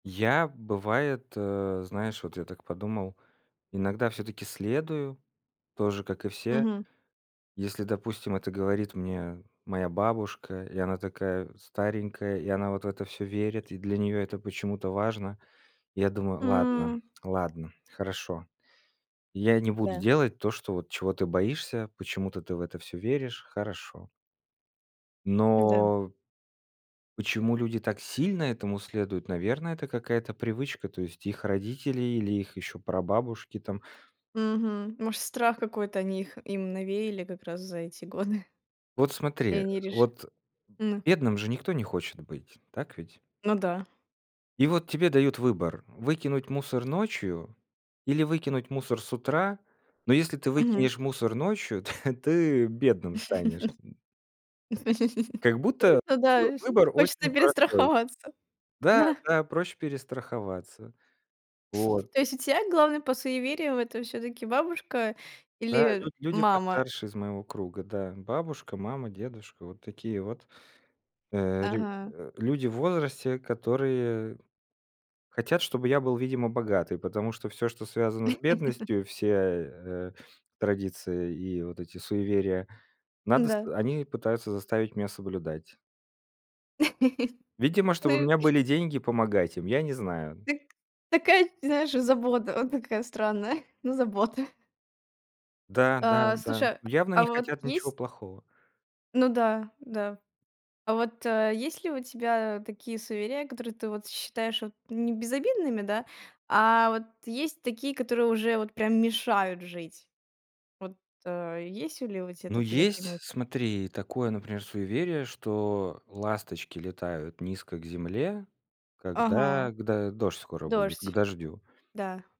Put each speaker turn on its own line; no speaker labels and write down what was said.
Я, бывает, э, знаешь, вот я так подумал, иногда всё-таки следую тоже, как и все.
Мгм.
Если, допустим, это говорит мне моя бабушка, и она такая старенькая, и она вот в это всё верит, и для неё это почему-то важно. Я думаю: "Ладно,
М.
ладно, хорошо, я не буду
Да.
делать то, что вот чего ты боишься, почему-то ты в это всё веришь, хорошо".
М-да.
Но почему люди так сильно этому следуют? Наверное, это какая-то привычка, то есть их родители или их еще прабабушки там.
Мгм. Может страх какой-то они их им навеяли как раз за эти годы.
Вот смотри,
И
э,
они реши
вот
ну.
бедным же никто не хочет быть, так ведь?
Ну да.
И вот тебе дают выбор: выкинуть мусор ночью или выкинуть мусор с утра? Но если ты
Мгм.
выкинешь мусор ночью, то ты бедным станешь, м. Как будто,
Ну да,
[unintelligible] выбор
хочется
очень простой.
перестраховаться,
Да,
да.
да, проще перестраховаться. Вот.
То есть у тя главный по суевериям это всё-таки бабушка
Да,
или
люд люди
мама?
постарше из моего круга. Да, бабушка, мама, дедушка. Вот такие вот, э, рю
Ага.
э, люди в возрасте, которые хотят, чтобы я был, видимо, богатый. Потому что всё, что связано с бедностью, все, э, традиции и вот эти суеверия, надо с
М-да.
они пытаются заставить меня соблюдать. Видимо,
Да
чтобы у меня
и
были деньги помогать им, я не знаю.
Дак. Такая, знаешь, забота, вот такая странная, но забота.
Да, да,
А.
да.
Слушай,
Явно
а
не
вот
хотят ничего
есть?
плохого.
Ну да, да. А вот, э, есть ли у тебя такие суеверия, которые ты вот считаешь вот не безобидными, да? А вот есть такие, которые уже вот прям мешают жить? Вот, э, есть ли у тебя
Ну,
такие на
есть,
примете?
смотри, такое, например, суеверие, что ласточки летают низко к земле,
Ага.
когда к до дождь скоро будет, к
Дождь.
дождю.
Да.